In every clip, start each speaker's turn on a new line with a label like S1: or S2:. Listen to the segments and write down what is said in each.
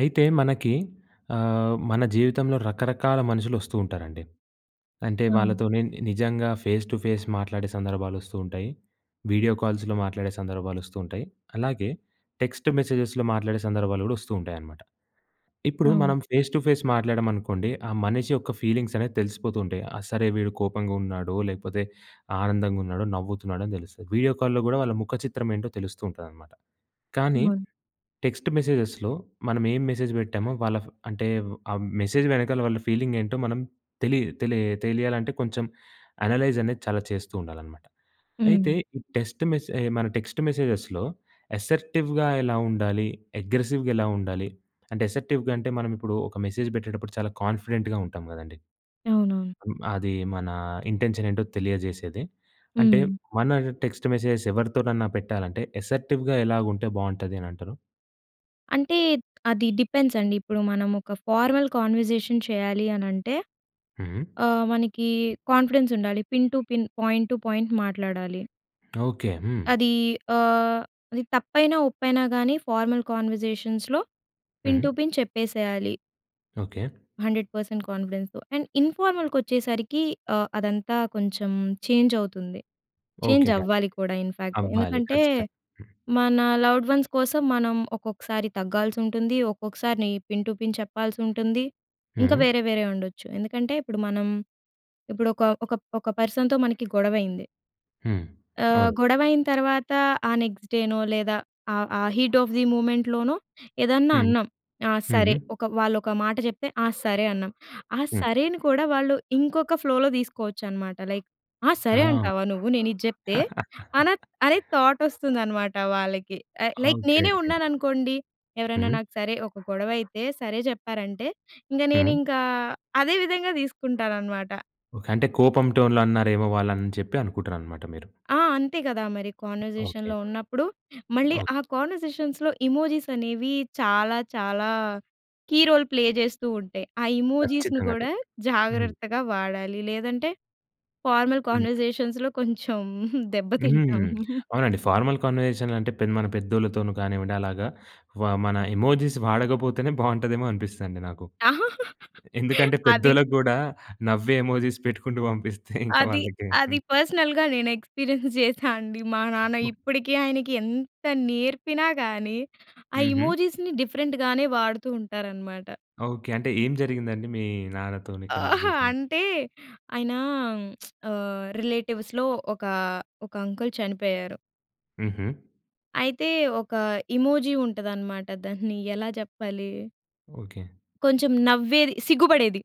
S1: అయితే మనకి ఆహ్, మన జీవితంలో రకరకాల మనుషులు వస్తూ ఉంటారండి. అంటే
S2: అవును.
S1: వాళ్ళతోనే ని నిజంగా ఫేస్ టు ఫేస్ మాట్లాడే సందర్భాలు వస్తూ ఉంటాయి, వీడియో కాల్స్‌లో మాట్లాడే సందర్భాలు వస్తూ ఉంటాయి. అలాగే టెక్స్ట్ మెసేజెస్‍లో మాట్లాడే సందర్భాలు గూడా వస్తూ ఉంటాయనమాట. ఇప్పుడు
S2: అవును.
S1: మనం ఫేస్ టు ఫేస్ మాట్లాడామనుకోండి, ఆ మనిషి యొక్క ఫీలింగ్స్ అనేవి తెలిసిపోతూ ఉంటాయి. ఆ సరే వీడు కోపంగా ఉన్నాడో లేకపోతే, ఆనందంగా ఉన్నాడో, నవ్వుతున్నాడో అని తెలుస్తుంది. వీడియో కాల్‍లో కూడా వాళ్ళ ముఖచిత్రం ఏంటో తెలుస్తూ ఉంటుందనమాట. కానీ
S2: అవును.
S1: టెక్స్ట్ మెసేజెస్‌లో మనం ఏం మెసేజ్ పెట్టామో, వాళ్ళ ఫ్ అంటే ఆ మెసేజ్ వెనకాల, వాళ్ళ ఫీలింగ్ ఏంటో మనం తెలీదు. తెలియ తెలియాలంటే, కొంచెం అనలైజ్ అనేది చాలా చేస్తూ ఉండాలనమాట. అయితే
S2: హ్మ్.
S1: ఈ టెక్స్ట్ మెసే మన టెక్స్ట్ మెసేజెస్‌లో అసర్టివ్‌గా ఎలా ఉండాలి? అగ్రెసివ్‌గా ఎలా ఉండాలి? అంటే అసర్టివ్‍గా అంటే, మనం ఇప్పుడు ఒక మెసేజ్ పెట్టేటప్పుడు చాలా కాన్‌ఫిడెంట్‌గా ఉంటాం కదండీ!
S2: అవునవును.
S1: [unintelligible] అది మన ఇంటెన్షన్ ఏంటో తెలియజేసేది. అంటే
S2: హ్మ్.
S1: మన టెక్స్ట్ మెసేజ్స్ ఎవరితోనన్నా పెట్టాలంటే అసర్టివ్‌గా ఎలా ఉంటే బాగుంటుంది అనంటారు?
S2: అంటే అది డిపెండ్స్ అండి. ఇప్పుడు మనం ఒక ఫార్వల్ కన్వర్జేషన్ చేయాలి అని అంటే,
S1: హ్మ్.
S2: ఆహ్, మనకి కాన్‌ఫిడెన్స్ ఉండాలి. Pin to pin, point to point మాట్లాడాలి.
S1: ఓకె. హ్మ్.
S2: అది ఆహ్, అది తప్పైనా ఒప్పైనా గాని ఫార్మల్ కన్వర్జేషన్స్‌లో పిన్ టు
S1: హ్మ్.
S2: పిన్ చెప్పేసేయాలి.
S1: ఓకె.
S2: 100% కాన్ఫిడెన్స్‌తో. అండ్ ఇన్ఫార్మల్‍కి వచ్చేసరికి ఆహ్, అదంతా కొంచెం చేంజ్ అవుతుంది. చేంజ్
S1: ఓకె ఇగ అంటె
S2: అవ్వాలి కూడా ఇన్ ఫాక్ట్.
S1: అవ్వాలి
S2: ఎందుకంటే
S1: ఖచ్చితంగా.
S2: మన లవ్డ్ వన్స్ కోసం మనం ఒక్కొక్కసారి తగ్గాల్సుంటుంది. ఒక్కొక్కసారి పిన్ టు పిన్ చెప్పాల్సుంటుంది. ఇంక
S1: హ్మ్.
S2: వేరే వేరే ఉండొచ్చు. ఎందుకంటే ఇప్పుడు మనం, ఇప్పుడు ఒక ఒక ఒక పర్సన్‍తో మనకి గొడవ అయింది.
S1: హ్మ్.
S2: ఆహ్,
S1: అవును.
S2: గొడవ అయిన తర్వాత ఆ నెక్స్ట్ డేనో లేదా ఆ ఆ హీట్ ఆఫ్ ది మూమెంట్‌లోనో ఏదన్నా
S1: హ్మ్.
S2: అన్నాం. ఆ! సరే
S1: హ్మ్.
S2: ఒక వాళ్ళు ఒక మాట చెప్తే "ఆ! సరే" అన్నాం. ఆ
S1: హ్మ్.
S2: సరేని కూడా వాళ్ళు ఇంకొక ఫ్లోలో తీసుకోవచ్చు అనమాట. లైక్ "ఆ!
S1: ఆ!
S2: సరే అంటావా నువ్వు? నేను ఇది చెప్తే!" అన అనే థాట్ వస్తుందనమాట వాళ్ళకి. ఆహ్, లైక్ నేనే
S1: ఓకెకె.
S2: ఉన్నాననుకోండి. ఎవరైనా
S1: హ్మ్.
S2: నాకు సరే ఒక గొడవ అయితే 'సరే' చెప్పారంటే ఇంక
S1: హ్మ్.
S2: నేనింక అదే విధంగా తీసుకుంటాననమాట.
S1: ఓకె. అంటే కోపం టోన్‌లో అన్నారేమో వాళ్ళు అని చెప్పి అనుకుంటున్నారనమాట మీరు.
S2: ఆ! అంతే కదా మరి
S1: ఓకె.
S2: కన్వర్జేషన్‌లో ఉన్నప్పుడు. మళ్ళీ ఆ కన్వర్జేషన్స్‌లో ఎమోజీస్ అనేవి చాలా చాలా కీరోల్ ప్లే చేస్తూ ఉంటాయి. ఆ ఎమోజిస్‌ని
S1: ఖచ్చితంగా అటే
S2: కూడా
S1: హ్మ్.
S2: జాగ్రత్తగా వాడాలి. లేదంటే ఫార్మల్
S1: హ్మ్.
S2: కన్వర్జేషన్స్‌లో కొంచెం దెబ్బ
S1: హ్మ్.
S2: తింటాం.
S1: అవునండి. ఫార్మల్ కన్వర్సేషన్లంటే మన పెద్దోళ్ళతోనో కానివ్వండి అలాగా వ మన ఎమోజిస్ వాడకపోతేనే బాగుంటదేమో అనిపిస్తందండి నాకు.
S2: ఆ!
S1: ఎందుకంటే
S2: అది.
S1: పెద్దోళ్ళకి కూడా నవ్వే ఎమోజిస్ పెట్టుకుంటూ పంపిస్తే ఇంకా
S2: అది.
S1: వాళ్ళకి.
S2: అది పర్సనల్‌గా నేను ఎక్స్పీరియన్స్ చేసా అండి మా నాన్న ఇప్పటికి ఆయనకి ఎంత నేర్పినా కానీ ఆ
S1: హుహు.
S2: ఎమోజిస్‌ని డిఫరెంట్‌గానే వాడుతూ ఉంటారనమాట.
S1: ఓకె. అంటే ఏం జరిగిందండి మీ నాన్నతోని
S2: అహా!
S1: కాన్వర్సేషన్?
S2: అంటే, ఆయన రిలేటివ్స్‌లో ఓక, ఓక అంకుల్ చనిపోయారు.
S1: హుహు.
S2: అయితే ఒక ఇమోజి ఉంటుదనమాట దాన్ని ఎలా జెప్పాలీ!
S1: ఓకె.
S2: కొంచెం నవ్వేది, సిగ్గుపడేది.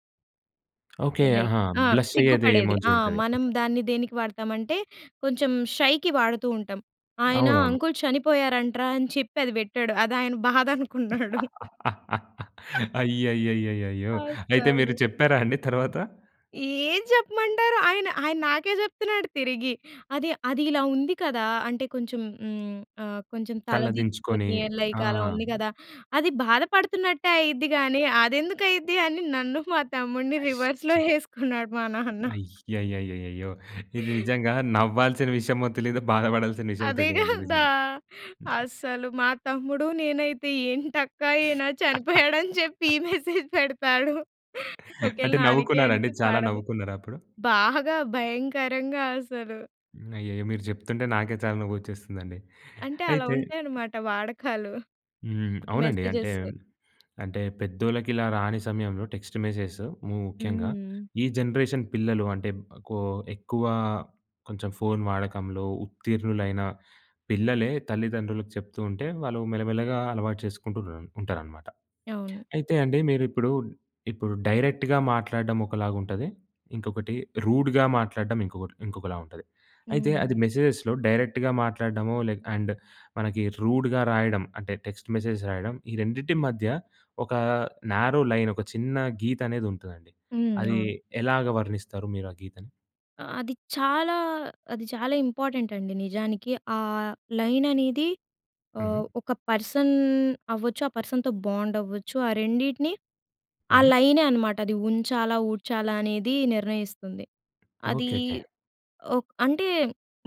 S1: ఓకె.
S2: రైట్
S1: ఆహా!
S2: ఆ!
S1: బ్లష్ అయ్యేది
S2: సిగ్గుపడేది!
S1: ఇమోజి
S2: ఆ!
S1: ఉంటది.
S2: మనం దాన్ని దేనికి వాడతామంటే కొంచెం షైకి వాడుతూ ఉంటాం. ఆయన
S1: అవునవును.
S2: అంకుల్ చనిపోయారంట్రా అని చెప్పి అది పెట్టాడు అది ఆయన బాధ అనుకున్నాడు.
S1: అయ్యయ్యయ్యయ్యయ్యో! అయితే
S2: అస్సలు.
S1: మీరు చెప్పారా అండి తర్వాత?
S2: ఏం చెప్పమంటారు? ఆయన ఆయన నాకే జెప్తున్నాడు తిరిగి. అది అది ఇలా ఉంది కదా! అంటే కొంచెం హ్మ్, ఆహ్, కొంచెం తల
S1: తలదించుకొని.
S2: దించుకొని లైక్ అలా ఉంది
S1: ఆ!
S2: గదా! అది బాధపడుతున్నట్టే అయిద్ది గానీ! అదెందుకు అయిద్ది? అని నన్ను మా తమ్ముడిని రివర్స్‌లో ఏసుకున్నాడు మా నాన్న.
S1: అయ్యయ్యయ్యయ్యో! ఇది నిజంగా నవ్వాల్సిన విషయమో తెలీదు బాధపడాల్సిన విషయమో
S2: అదే
S1: తెలీదండి.
S2: గదా!
S1: నిజంగా!
S2: అస్సలు. మా తమ్ముడూ నేనైతే ఏంటక్కా ఈయన చనిపోయాడని చెప్పి ఈ మెసేజ్ పెడతాడూ. ఒకవేళ
S1: అంటే
S2: నానకీ
S1: నవ్వుకున్నారా అండి?
S2: ఆయనికి
S1: చాలా
S2: పడదు
S1: నవ్వుకున్నరా అప్పుడు?
S2: బాగా భయంకరంగా అసలూ.
S1: అయ్యయ్యో! మీరు చెప్తుంటే నాకే చాలా నవ్వొచ్చేస్తుందండి!
S2: అంటే అలా
S1: అయితే
S2: ఉంటాయన్నమాట వాడకాలు.
S1: హ్మ్. అవునండి అంటే
S2: మెసేజెస్సూ.
S1: అంటే పెద్దోళ్ళకి ఇలా రాని సమయంలో టెక్స్ట్ మెసేజ్‌స్ ముఖ్యంగా
S2: హ్మ్.
S1: ఈ జనరేషన్ పిల్లలు అంటే కో ఎక్కువా కొంచెం ఫోన్ వాడకంలో ఉత్తీర్ణులైన పిల్లలే, తల్లిదండ్రులకు చెప్తూ ఉంటే వాళ్ళు మెల్లమెల్లగా అలవాటు చేసుకుంటూ ఉన్నర ఉంటారనమాట.
S2: అవును.
S1: అయితే అండి మీరు ఇప్పుడు ఇప్పుడు డైరెక్ట్‌గా మాట్లాడడం ఒకలాగుంటది. ఇంకొకటి రూడ్‌గా మాట్లాడడం ఇంకొకటి ఇంకొకలా ఉంటది. అయితే అది
S2: హ్మ్.
S1: మెసేజ్‌లో డైరెక్ట్‌గా మాట్లాడడమో లె అండ్ మనకి రూడ్‌గా రాయడం అంటే టెక్స్ట్ మెసేజ్ రాయడం ఈ రెండిటి మధ్య ఒకా నారో లైన్, ఒక చిన్నా గీత అనేది ఉంటదండి.
S2: హ్మ్.
S1: అదీ
S2: అవును.
S1: ఎలాగా వర్ణిస్తారు మీరు ఆ గీతని.
S2: అది చాలా అది చాలా ఇంపార్టెంట్ అండి నిజానికి. ఆహ్, లైన్ అనేది ఓహ్,
S1: హుహు.
S2: ఒక పర్సన్ అవ్వచ్చు ఆ పర్సన్‍‌తో బాండ్ అవ్వచ్చు. ఆ రెండిటిని ఆ
S1: హుహు.
S2: లైనే అన్నమాట అది ఉంచాలా, ఊడ్చాలా అనేది నిర్ణయిస్తుంది. అది
S1: ఓకెకె.
S2: ఓహ్, అంటే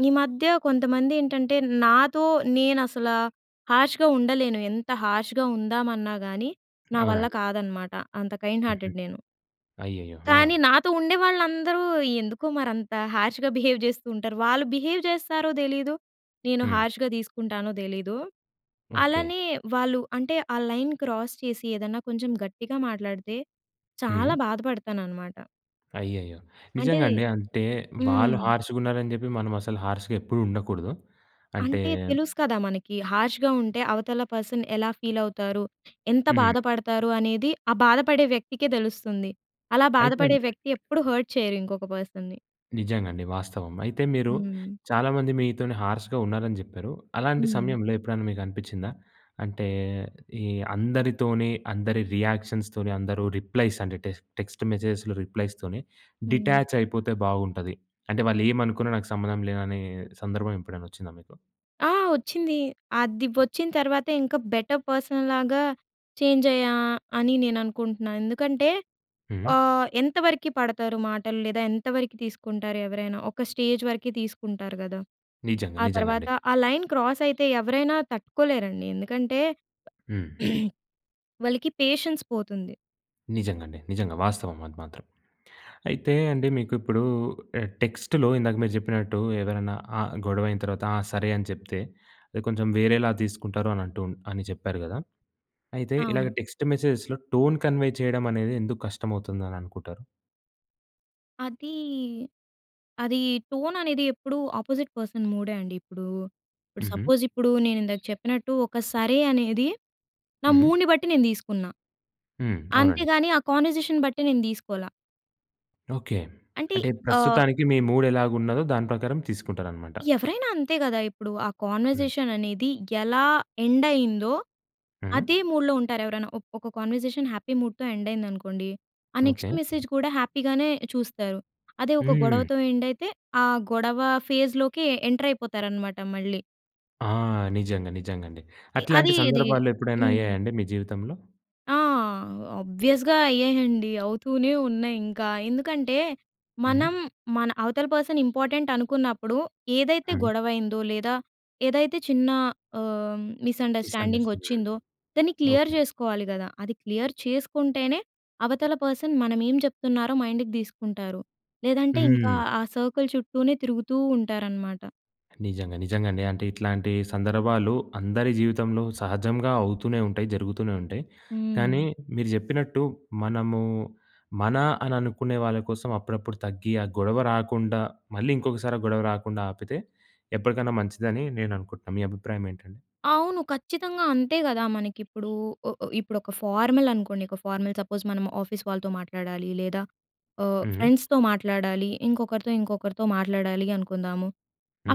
S2: ఈ మధ్య కొంతమంది ఏంటంటే, నాతో నేను అసల హర్ష్‌గా ఉండలేను ఎంత హర్ష్‌గా ఉందామన్నా గానీ నా వల్ల
S1: అవునండి.
S2: కాదన్నమాట. అంత కైండ్
S1: హుహు.
S2: హార్టెడ్ నేను.
S1: అయ్యయ్యో! ఆ!
S2: కానీ, నాతో ఉండే వాళ్ళందరూ ఎందుకొ మరి అంత హర్ష్‌గా బిహేవ్ చేస్తూంటారు. వాళ్ళు బిహేవ్ చేస్తారో తెలీదు. నేను
S1: హ్మ్.
S2: హార్ష్‌గా తీసుకుంటానో తెలీదు.
S1: ఓకే.
S2: అలానే వాళ్ళు అంటే, ఆ లైన్ క్రాస్ చేసి ఏదన్నా కొంచెం గట్టిగా మాట్లాడితే, చాలా
S1: హ్మ్.
S2: బాధపడతానన్నమాట.
S1: అయ్యయ్యో!
S2: అంటే
S1: నిజంగా అండి. అంటే,
S2: హ్మ్.
S1: వాళ్ళు హర్ష్‌గున్నారని చెప్పి, మనం అసలు హర్ష్‌గా ఎప్పుడు ఉండకూడదు. అంటే
S2: అంటే, తెలుసు కదా మనకి. హర్ష్‌గా ఉంటే, అవతల పర్సన్ ఎలా ఫీలవుతారు, ఎంత
S1: హ్మ్.
S2: బాధపడతారు అనేది ఆ బాధపడే వ్యక్తికే తెలుస్తుంది. అలా
S1: అయితే
S2: బాధపడే వ్యక్తి ఎప్పుడు హర్ట్ చేయరు ఇంకొక పర్సన్‌ని.
S1: నిజంగా అండి. వాస్తవం. అయితే మీరు
S2: హ్మ్.
S1: చాలామంది మీతోనే హార్ష్‌గా ఉన్నారని చెప్పారు. అలాంటి
S2: హ్మ్.
S1: సమయంలో ఎప్పుడైనా మీకు అనిపించిందా, అంటే, ఈ అందరితోని అందరి రియాక్షన్స్ ‌తోని, అందరూ రిప్లైస్ అంటే, టెక్ టెక్స్ట్ మెసేజెస్‍లో రిప్లైస్‌తోనే
S2: హ్మ్.
S1: డిటాచైపోతే బాగుంటది. అంటే, వాళ్ళు ఏమనుకున్నా నాకు సంబంధం లేదని సందర్భం ఎప్పుడైనా వచ్చిందా మీకు?
S2: ఆ! వచ్చింది. అది వచ్చిన తర్వాత ఇంకా బెటర్ పర్సన్ లాగా చేంజ్ అయ్యా అని నేను అనుకుంటున్నా. ఎందుకంటే
S1: హ్మ్.
S2: ఆహ్, ఎంతవరకి పడతారు మాటలు లేదా, ఎంతవరకి తీసుకుంటారు ఎవరైనా. ఒక స్టేజ్ వరకి తీసుకుంటారు గదా!
S1: నిజంగా,
S2: ఆ
S1: నిజంగా
S2: తర్వాత
S1: అండి.
S2: ఆ లైన్ క్రాస్ అయితే ఎవరైనా తట్టుకోలేరండి. ఎందుకంటే,
S1: హ్మ్.
S2: వాళ్ళకి పేషెన్స్ పోతుంది.
S1: నిజంగా అండి. నిజంగా వాస్తవం అది మాత్రం. అయితే అండి మీకు ఇప్పుడు ఆహ్, టెక్స్ట్‌లో ఇందాక మీరు చెప్పినట్టు, ఎవరైనా ఆహ్, గొడవ అయిన తర్వాత ఆహ్, సరే అని చెప్తే. అది కొంచెం వేరేలా తీసుకుంటారు అని అంటూ అని చెప్పారు గదా! అయితే, ఇలాగ
S2: అవును.
S1: టెక్స్ట్ మెసేజెస్‍లో టోన్ కన్వే చేయడం అనేది ఎందుకు కష్టమవుతుందని అనుకుంటారు?
S2: అదీ, అది టోన్ అనేది ఎప్పుడు ఆపోజిట్ పర్సన్ మూడే అండి. ఇప్పుడూ, ఇప్పుడు
S1: హుహు.
S2: సపోజ్ ఇప్పుడు నేను ఇందాక చెప్పినట్టు, ఒక సరే! అనేది నా
S1: హుహు.
S2: మూడ్‌ని బట్టి నేను దీసుకున్నా.
S1: హ్మ్. అవునండి.
S2: అంతేగాని ఆ కాన్వర్సేషన్ బట్టి నేను దీసుకోలా.
S1: ఓకె.
S2: అంటే
S1: అంటే
S2: ఆహ్
S1: ప్రస్తుతానికి మీ మూడ్ ఎలాగున్నదో దాని ప్రకారం తీసుకుంటారనమాట.
S2: ఎవరైనా అంతే గదా! ఇప్పుడు ఆ
S1: హ్మ్.
S2: కన్వర్జేషన్ అనేది ఎలా ఎండ్ అయిందో,
S1: హ్మ్.
S2: అదే మూడ్‌లో ఉంటారు ఎవరైనా. ఒక్ ఒక కన్వర్జేషన్ హ్యాపీ మూడ్‍తో ఎండ్ అయిందనుకోండి. ఆ నెక్స్ట్
S1: ఓకె.
S2: మెసేజ్ కూడా హ్యాపీగానే చూస్తారు. అదే ఒక
S1: హ్మ్.
S2: గొడవతో ఎండ్ అయితే, ఆ గొడవ ఫేజ్‍లోకి ఎ ఎంటర్ అయిపోతారనమాట మళ్ళీ.
S1: ఆ! నిజంగా నిజంగా అండి.
S2: ఎ
S1: అట్లాంటి
S2: అది ఇది.
S1: సందర్భాలు ఎప్పుడైనా
S2: హ్మ్.
S1: అయ్యాయా అండి మీ జీవితంలో?
S2: ఆ! ఆబ్వియస్‌గా అయ్యాయండి అవుతూనే ఉన్నాయి ఇంకా. ఎందుకంటే
S1: హ్మ్.
S2: మనం మన అవతల పర్సన్ ఇంపార్టెంట్ అనుకున్నప్పుడు ఏదైతే
S1: హ్మ్.
S2: గొడవ అయ్యిందో లేదా ఏదైతే చిన్న ఆహ్, మిస్ అండర్‌స్టాండింగ్ వచ్చిందో
S1: మిస్అండర్‌స్టాడింగ్.
S2: దాన్ని క్లియర్
S1: ఓకే.
S2: చేసుకోవాలి గదా! అది క్లియర్ చేసుకుంటేనే అవతల పర్సన్ మనం ఏం చెప్తున్నారో మైండ్‍కి తీసుకుంటారు. లేదంటే ఇంకా
S1: హ్మ్.
S2: ఆ సర్కిల్ చుట్టూనే తిరుగుతూ ఉంటారనమాట.
S1: నిజంగా నిజంగా అండి. అంటే ఇట్లాంటి సందర్భాలు అందరి జీవితంలో సహజంగా అవుతూనే ఉంటాయి, జరుగుతూనే ఉంటాయి. కానీ
S2: హ్మ్.
S1: మీరు చెప్పినట్టు మనము మన అని అనుకునే వాళ్ళ కోసం అప్పుడప్పుడు తగ్గి ఆ గొడవ రాకుండా మళ్ళీ ఇంకొకసారి ఆ గొడవ రాకుండా ఆపితే ఎప్పటికైనా మంచిదని నేను అనుకుంటున్నాను. మీ అభిప్రాయం ఏంటండి?
S2: అవును ఖచ్చితంగా అంతే కదా! మనకిప్పుడు ఉ ఉ ఇప్పుడు ఒక ఫార్మల్ అనుకోండి. ఒక ఫార్మల్ సపోజ్ మనం ఆఫీస్ వాళ్ళతో మాట్లాడాలి లేదా ఆహ్,
S1: హ్మ్.
S2: ఫ్రెండ్స్‌తో మాట్లాడాలి ఇంకొకరితో, ఇంకొకరితో మాట్లాడాలి అనుకుందాము.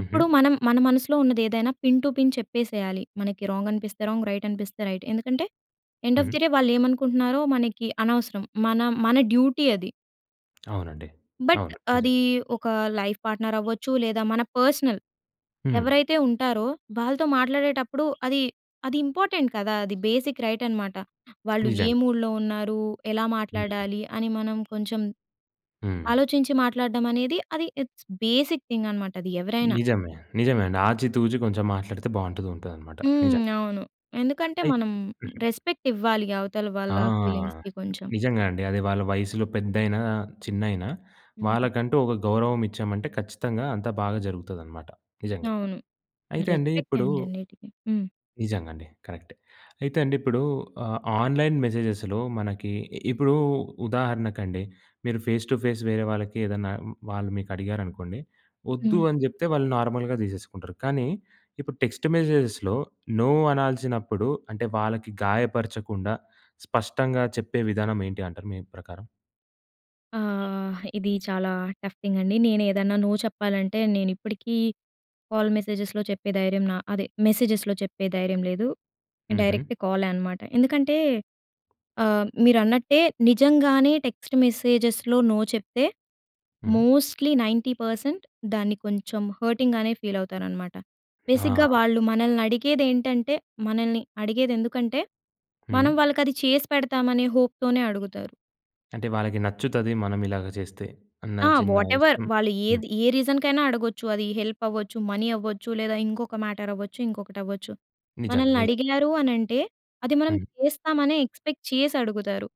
S2: అప్పుడు మనం మన మనసులో ఉన్నది ఏదైనా పిన్ టు పిన్ చెప్పేసేయాలి. మనకి రాంగ్ అనిపిస్తే రాంగ్ రైట్ అనిపిస్తే రైట్. ఎందుకంటే ఎండ్ ఆఫ్
S1: హుహు.
S2: ది డే వాళ్ళు ఏమనుకుంటున్నారో మనకి అనవసరం. మన మన డ్యూటీ అది.
S1: అవునండి.
S2: బట్
S1: అవును. నిజం.
S2: అది ఒక లైఫ్ పార్ట్నర్ అవ్వచ్చు. లేదా మన పర్స్‌నల్
S1: హ్మ్.
S2: ఎవరైతే ఉంటారో వాళ్ళతో మాట్లాడేటప్పుడు అది, అది ఇంపార్టెంట్ కదా! అది బేసిక్ రైట్ అనమాట. వాళ్ళు ఏ
S1: నిజంగా.
S2: మూడ్‌లో ఉన్నారు? ఎలా
S1: హ్మ్.
S2: మాట్లాడాలి? అని మనం కొంచెం
S1: హ్మ్.
S2: ఆలోచించి మాట్లాడడం అనేది అది ఇట్స్ బేసిక్ థింగ్ అనమాట. అది ఎవరైనా.
S1: నిజమే. నిజమే అండి. ఆచి తూచి కొంచెం మాట్లాడితే బావుంటది ఉంటదనమాట
S2: హ్మ్.
S1: నిజం.
S2: అవును. ఎందుకంటే
S1: అయి
S2: మనం
S1: హ్మ్.
S2: రెస్పెక్ట్ ఇవ్వాలి అవతల వాళ్ళ
S1: ఆ!
S2: ఫీలింగ్స్‌కి కొంచెం.
S1: నిజంగా అండి. అది వాళ్ళ వయసులో పెద్దైనా, చిన్నైనా
S2: హ్మ్.
S1: వాళ్ళకంటూ ఒక గౌరవం ఇచ్చామంటే ఖచ్చితంగా అంతా బాగా జరుగుతదనమాట నిజంగా.
S2: అవును.
S1: అయితే అండి
S2: రెస్పెక్ట్
S1: ఇప్పుడూ
S2: అండి అన్నిటికి. హ్మ్.
S1: నిజంగా అండి. కరెక్టే. అయితే అండి ఇప్పుడు ఆహ్, ఆన్‍లైన్ మెసేజెస్‍లో మనకి ఇ ఇప్పుడూ ఉదాహరణకండి మీరు ఫేస్ టు ఫేస్ వేరే వాళ్ళకి ఏదన్నా వాళ్ళు మీకు అడిగారనుకోండి వద్దు
S2: హ్మ్.
S1: అని చెప్తే వాళ్ళు నార్మల్‍గా తీసేసుకుంటారు. కానీ ఇప్పుడు టెక్స్ట్ మెసేజెస్‍లో నో అనాల్సినప్పుడు అంటే వాళ్ళకి గాయపరచకుండా స్పష్టంగా చెప్పే విధానం ఏంటి అంటారు మీ ప్రకారం?
S2: ఆ! ఇది చాలా టఫ్ థింగ్ అండి. నేను ఏదన్నా నో చెప్పాలంటే నేను ఇప్పటికీ కాల్ మెసేజెస్‍లో చెప్పే ధైర్యం నా అదే మెసేజెస్‌లో చెప్పే ధైర్యం లేదు.
S1: హుహు.
S2: డైరెక్ట్ కాలే అనమాట. ఎందుకంటే ఆహ్, మీరన్నట్టే నిజంగానే టెక్స్ట్ మెసేజెస్‌లో నో చెప్తే
S1: హ్మ్.
S2: మోస్ట్లీ 90% దాన్ని కొంచెం హర్టింగ్‌గానే ఫీల్ అవుతారనమాట. బేసిక్‌గా
S1: ఆ!
S2: వాళ్ళు మనల్ని అడిగేదేంటంటే, మనల్ని అడిగేది ఎందుకంటే, మనం
S1: హ్మ్.
S2: వాళ్ళకి అది చేసి పెడతామనే హోప్‌తోనే అడుగుతారు.
S1: అంటే వాళ్ళకి నచ్చుతది మనం ఇలాగ చేస్తే అన్న
S2: ఆ!
S1: చిన్న
S2: వాటెవర్
S1: ఇష్టం.
S2: వాళ్ళు
S1: హ్మ్.
S2: ఏది ఏ రీసన్‍కైనా అడగొచ్చు. అది హెల్ప్ అవ్వచ్చు మనీ అవ్వచ్చు. లేదా ఇంకొక మ్యాటర్ అవ్వచ్చు. ఇంకొకటి అవ్వచ్చు.
S1: నిజంగా.
S2: మనల్ని
S1: నిజంగా.
S2: అడిగారు అనంటే అది మనం
S1: హ్మ్.
S2: చేస్తామనే ఎక్స్‌పెక్ట్ చేసి అడుగుతారు.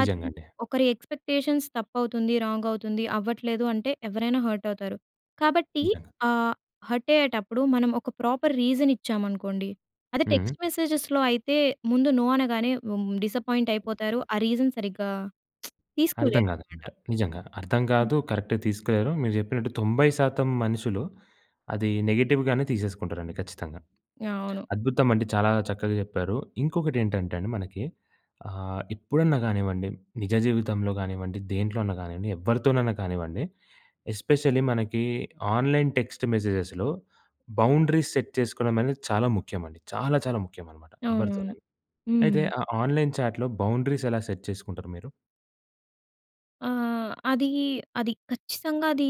S2: అది ఒకరి ఎక్స్‌పెక్టేషన్స్ తప్పు అవుతుంది. రాంగ్ అవుతుంది. అవ్వట్లేదు అంటే ఎవ్వరైనా హర్ట్ అవుతారు. కాబట్టి
S1: నిజంగా.
S2: ఆహ్, హర్ట్ అయ్యేటప్పుడు మనం ఒక ప్రాపర్ రీసన్ ఇచ్చామనుకోండి. అదే
S1: హ్మ్.
S2: టెక్స్ట్ మెసేజెస్‍లో అయితే ముందు నో అనగానే ఉం డిస్‌పాయింట్ అయిపోతారు. ఆ రీసన్ సరిగ్గా
S1: అర్థం
S2: తీసుకోలేరన్నమాట.
S1: గాదనమాట నిజంగా. అర్థం గాదు కరెక్ట్‌గా తీసుకోలేరు. మీరు జెప్పినట్టు 90% మనుషులు అది నెగెటివ్‌గానే తీసేసుకుంటారండి. ఖచ్చితంగా
S2: అవును.
S1: అద్భుతమండి. చాలా చక్కగా జెప్పారు. ఇంకొకటి ఏంటంటే అండి మనకి ఆ! ఎప్పుడన్నా గానివ్వండి నిజ జీవితంలో గానివ్వం, డి దేంట్లో అన్నా గానియండి ఎవ్వరితోనైనా కానివ్వండి. ఎస్పెషల్లీ మనకి ఆన్‍లైన్ టెక్స్ట్ మెసేజెస్‍లో, బౌండరీస్ సెట్ చేసుకోవడం అనేది చాలా ముఖ్యమండి. చాలా చాలా ముఖ్యం అన్నమాట
S2: అవునవును.
S1: ఎవ్వరితోనైనా.
S2: హ్మ్.
S1: అయితే ఆ ఆన్‌లైన్ చాట్‍లో బౌండరీస్ ఎలా సెట్ చేసుకుంటారు మీరు?
S2: ఆ! అదీ అది ఖచ్చితంగా అదీ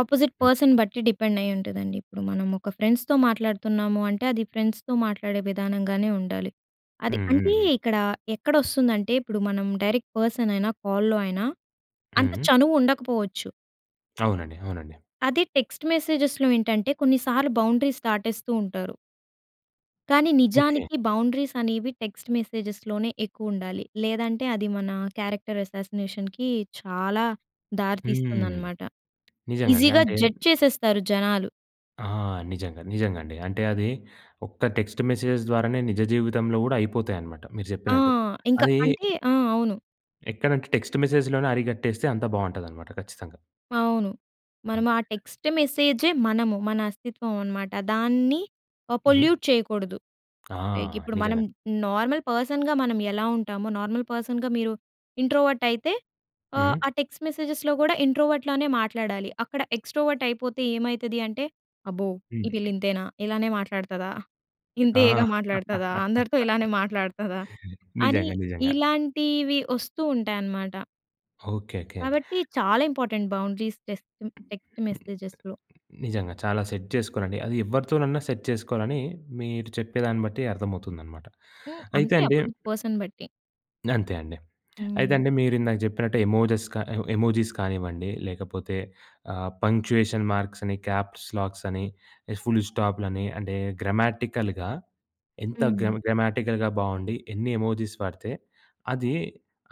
S2: ఆపోజిట్
S1: హ్మ్.
S2: పర్సన్ బట్టి డిపెండ్ అయ్యి ఉంటుందండి. ఇప్పుడు మనం ఒక ఫ్రెండ్స్‌తో మాట్లాడుతున్నాము అంటే, అది ఫ్రెండ్స్‌తో మాట్లాడే విధానంగానే ఉండాలి. అది
S1: హ్మ్. హ్మ్.
S2: అంటే
S1: హ్మ్.
S2: ఇక్కడ ఎక్కడ వస్తుందంటే ఇప్పుడు మనం డైరెక్ట్ పర్సన్ అయినా, కాల్‌లో అయినా అంత
S1: హ్మ్.
S2: చనువు ఉండకపోవచ్చు.
S1: అవునండి. అవునండి.
S2: అది టెక్స్ట్ మెసేజెస్‌లో ఏంటంటే కొన్నిసార్లు బౌండరీస్ దాటేస్తూ ఉంటారు. కానీ
S1: ఓకే.
S2: నిజానికి బౌండరీస్ అనేవి టెక్స్ట్ మెసేజ్‌లోనే ఎక్కువ ఉండాలి. లేదంటే అది మన క్యారెక్టర్ అసాసినేషన్‌కి చాలా
S1: హ్మ్.
S2: దారితీస్తుందన్నమాట.
S1: నిజంగా అండి.
S2: ఈజీగా
S1: అంటే
S2: జడ్జ్ చేసేస్తారు జనాలు.
S1: ఆ! నిజంగా నిజంగా అండి అంటే అది ఒక్క టెక్స్ట్ మెసేజెస్ ద్వారానే నిజ జీవితంలో కూడా అయిపోతయి అన్నమాట. మీరు
S2: ఆ!
S1: చెప్పినట్టు
S2: ఇంక
S1: అదీ...
S2: అంటే ఆ! అవును.
S1: ఎక్కడంటే టెక్స్ట్ మెస్సేజ్‌లోనే అరికట్టేస్తే అంతా బావుంటదన్నమాట ఖచ్చితంగా.
S2: అవును. మనము
S1: ఓకే.
S2: ఆ టెక్స్ట్ మెసేజే మనము మన అస్తిత్వం అన్నమాట. దాన్ని ఆహ్,
S1: హ్మ్.
S2: పొల్యూట్ చేయకూడదు.
S1: ఆ!
S2: లైక్ ఇప్పుడు మనం
S1: నిజంగా.
S2: నార్మల్ పర్సన్‌గా మనం ఎలా ఉంటామో, నార్మల్ పర్సన్‌గా మీరు ఇంట్రోవర్ట్ అయితే,
S1: హ్మ్.
S2: ఆ టెక్స్ట్ మెసేజెస్‌లో కూడా ఇంట్రోవర్ట్‌లానే మాట్లాడాలి. అక్కడ ఎక్స్ట్రోవర్ట్ అయిపోతే ఏమైతది అంటే అబ్బో! ఈ
S1: హ్మ్.
S2: పిల్ల ఇంతేనా, ఇలానే మాట్లాడుతదా,
S1: ఆ!
S2: ఇంతియగా మాట్లాడుతదా, అందరితో ఇలానే మాట్లాడుతదా అని
S1: నిజంగా. నిజంగా.
S2: ఇలాంటివి వస్తూ ఉంటాయన్నమాట.
S1: Okay, okay.
S2: కాబట్టి చాలా ఇంపార్టెంట్ బౌండరీస్ టెస్ట్ టెక్స్ట్ మెసేజెస్‌లో.
S1: నిజంగా చాలా సెట్ చేసుకోవాలండి. అది ఎవరితోనన్నా సెట్ చేసుకోవాలని మీరు చెప్పేదాన్ని బట్టి అర్థమవుతుందనమాట.
S2: హ్మ్,
S1: అయితే
S2: అంతే
S1: అండి
S2: అపోసిట్ పర్సన్ బట్టి.
S1: అంతే అండి. అయితే
S2: హ్మ్.
S1: అండి మీరు ఇందాక జెప్పినట్టు ఎమోజీస్ క ఎమోజీస్ కానివ్వండి లేకపోతే ఆహ్, పంక్చుయేషన్ మార్క్స్ అని, క్యాప్స్‌లాక్స్ అని, ఇగ ఫుల్ స్టాప్‌లని అంటే, గ్రమాటికల్‌గా ఎంత
S2: హ్మ్.
S1: గ్రం గ్రమటికల్‌గా బాగుండి ఎన్ని ఎమోజీస్ వాడితే, అది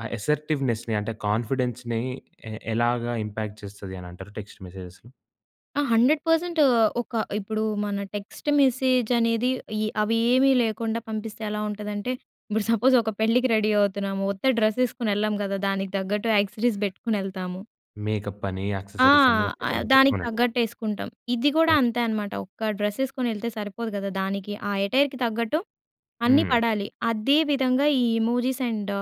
S1: ఆ అసర్టివ్నెస్‌ని అంటే కాన్ఫిడెన్స్‌‌ని ఎ ఎలాగా ఇంపాక్ట్ చేస్తది అని అంటారు, టెక్స్ట్ మెసేజెస్‌?
S2: ఆ! 100% ఒక ఇప్పుడు మన టెక్స్ట్ మెసేజ్ అనేది ఏ అవి ఏవీ లేకుండా పంపిస్తే ఎలా ఉంటదంటే, ఇప్పుడు సపోజ్ ఒక పెళ్ళికి రెడీ అవుతున్నాము. ఉత్త డ్రెస్ ఏసుకొని ఎళ్ళము కదా! దానికి తగ్గట్టు ఆక్సెసరీస్ బెట్టుకొని ఎళ్తాము.
S1: మేకప్ అని,
S2: ఆ!
S1: ఆక్సెసరీస్ అని
S2: ఆహ్,
S1: [unintelligible]
S2: దానికి
S1: అవునండి.
S2: తగ్గట్టు ఏసుకుంటాం. ఇది గూడా
S1: ఓకే.
S2: అంతే అనమాట. ఒక్క డ్రెస్ ఏసుకొని ఎళ్తే సరిపోదు గదా! దానికి ఆ ఎటైర్‌కి తగ్గట్టు, అన్నీ
S1: హ్మ్.
S2: పడాలి. అదే విధంగా ఈ ఎమోజీస్ అండ్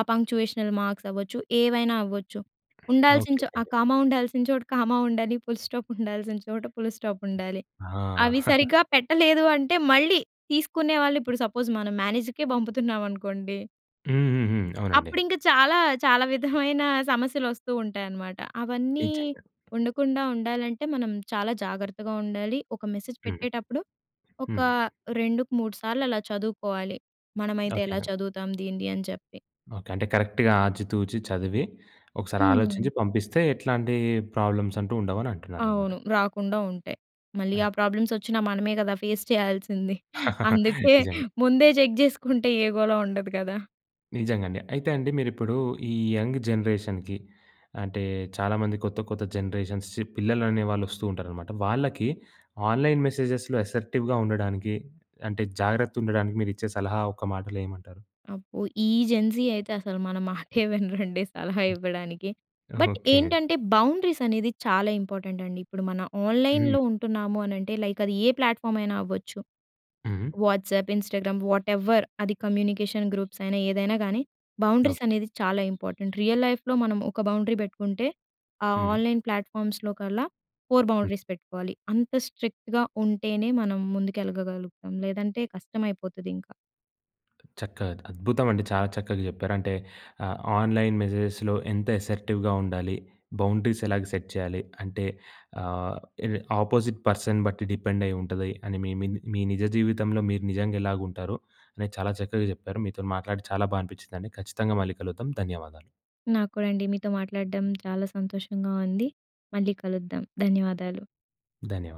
S2: ఆ పంక్చుయేషనల్ మార్క్స్ అవ్వచ్చు, ఏవైనా అవ్వచ్చు.
S1: ఓకే,
S2: ఉండాల్సిన
S1: ఓకే
S2: చో ఆ
S1: అండి.
S2: కామా ఉండాల్సిన చోట కామా ఉండాలి. ఫుల్ స్టాప్ ఉండాల్సిన చోట ఫుల్ స్టాప్ ఉండాలి.
S1: ఆ!
S2: అవి సరిగ్గా పెట్టలేదు అంటే, మళ్ళీ తీసుకునే వాళ్ళు ఇప్పుడు సపోజ్ మనం మేనేజర్‍కే పంపుతున్నామనుకోండి.
S1: హుహుహు. అవునండి.
S2: అప్పుడింక చాలా చాలా విధమైన సమస్యలొస్తూ ఉంటాయన్నమాట. అవన్నీ
S1: నిజంగా.
S2: ఉండకుండా, ఉండాలంటే మనం చాలా జాగ్రత్తగా ఉండాలి. ఒక మెసేజ్
S1: హ్మ్.
S2: పెట్టేటప్పుడు ఒక
S1: హ్మ్.
S2: రెండు‌కు మూడు సార్లలా చదువుకోవాలి. మనమైతే ఎలా
S1: ఓకే.
S2: చదువుతాం దీనిది అని చెప్పి.
S1: ఓకే. అంటే కరెక్ట్‌గా ఆచితూచి చదివి ఒకసారి
S2: హ్మ్.
S1: ఆలోచించి పంపిస్తే ఎట్లాంటి ప్రాబ్లమ్స్ అంటూ ఉండవని అంటున్నారన్నమాట.
S2: అవును. రాకుండా ఉంటాయి. మళ్ళీ ఆ ప్రాబ్లమ్స్ వచ్చినా మనమే కదా! ఫేస్ చేయాల్సింది. అందుకే
S1: నిజంగా.
S2: ముందే చెక్ చేసుకుంటే ఏ గోల ఉండదు కదా!
S1: నిజంగా అండి. అయితే అండి మీరిప్పుడు ఈ యంగ్ జనరేషన్‌కి అంటే, చాలామంది కొత్త, కొత్త జనరేషన్స్ పిల్లలనేవాళ్ళు వస్తూ ఉంటారనమాట. వాళ్ళకి ఆన్‌లైన్ మెసేజెస్‌లో అసర్టివ్‌గా ఉండడానికి, అంటే, జాగ్రత్త ఉండడానికి మీరు ఇచ్చే సలహా ఒక్క మాటలో ఏమంటారు?
S2: అబ్బో! ఈ జెన్‌జీ అయితే అసలు మన మాటే వినరండి. సలహా ఇవ్వడానికి. But,
S1: okay.
S2: ఏంటంటే బౌండరీస్ అనేది చాలా ఇంపార్టెంట్ అండి. ఇప్పుడు మన
S1: హ్మ్.
S2: ఆన్‍లైన్‍లో ఉంటున్నాము అనంటే లైక్ అది ఏ ప్లాట్‍ఫామ్ అయినా అవ్వచ్చు.
S1: హ్మ్.
S2: వాట్సాప్, ఇన్స్టాగ్రామ్, వాట్‌ఎవర్ అది కమ్యూనికేషన్ గ్రూప్స్ అయినా ఏదైనా కానీ, బౌండరీస్
S1: ఓకే.
S2: అనేది చాలా ఇంపార్టెంట్. రియల్ లైఫ్‌లో మనం ఒక బౌండరీ పెట్టుకుంటే ఆ
S1: హ్మ్.
S2: ఆన్‍లైన్ ప్లాట్‍ఫామ్స్‌లో కల్లా 4
S1: హ్మ్.
S2: బౌండరీస్ పెట్టుకోవాలి. అంత స్ట్రిక్ట్‌గా ఉంటేనే మనం ముందుకెళ్లగలుగుతాము. లేదంటే కష్టం అయిపోతది ఇంకా.
S1: చక్కగా అద్భుతం అండి చాలా చక్కగా చెప్పారు. అంటే ఆహ్, ఆన్‍లైన్ మెసేజెస్‍లో ఎంత అసర్టివ్‍గా ఉండాలి, బౌండరీస్ ఎలాగా సెట్ చేయాలి. అంటే ఆహ్, ఇవి ఆపోజిట్ పర్సన్ బట్టి డిపెండ్ అయి ఉంటది అని మీ మీ మీ నిజ జీవితంలో మీరు నిజంగెలాగ ఉంటారు అనేది చాలా చక్కగా చెప్పారు. మీతో‌ని మాట్లాడి చాలా బాగా అనిపించిందండి. ఖచ్చితంగా మళ్ళీ కలుగుతాం ధన్యవాదాలు.
S2: నాకు కూడా అండి మీతో మాట్లాడడం చాలా సంతోషంగా ఉంది. మళ్ళీ కలుద్దాం ధన్యవాదాలు.
S1: ధన్యవాదాలు.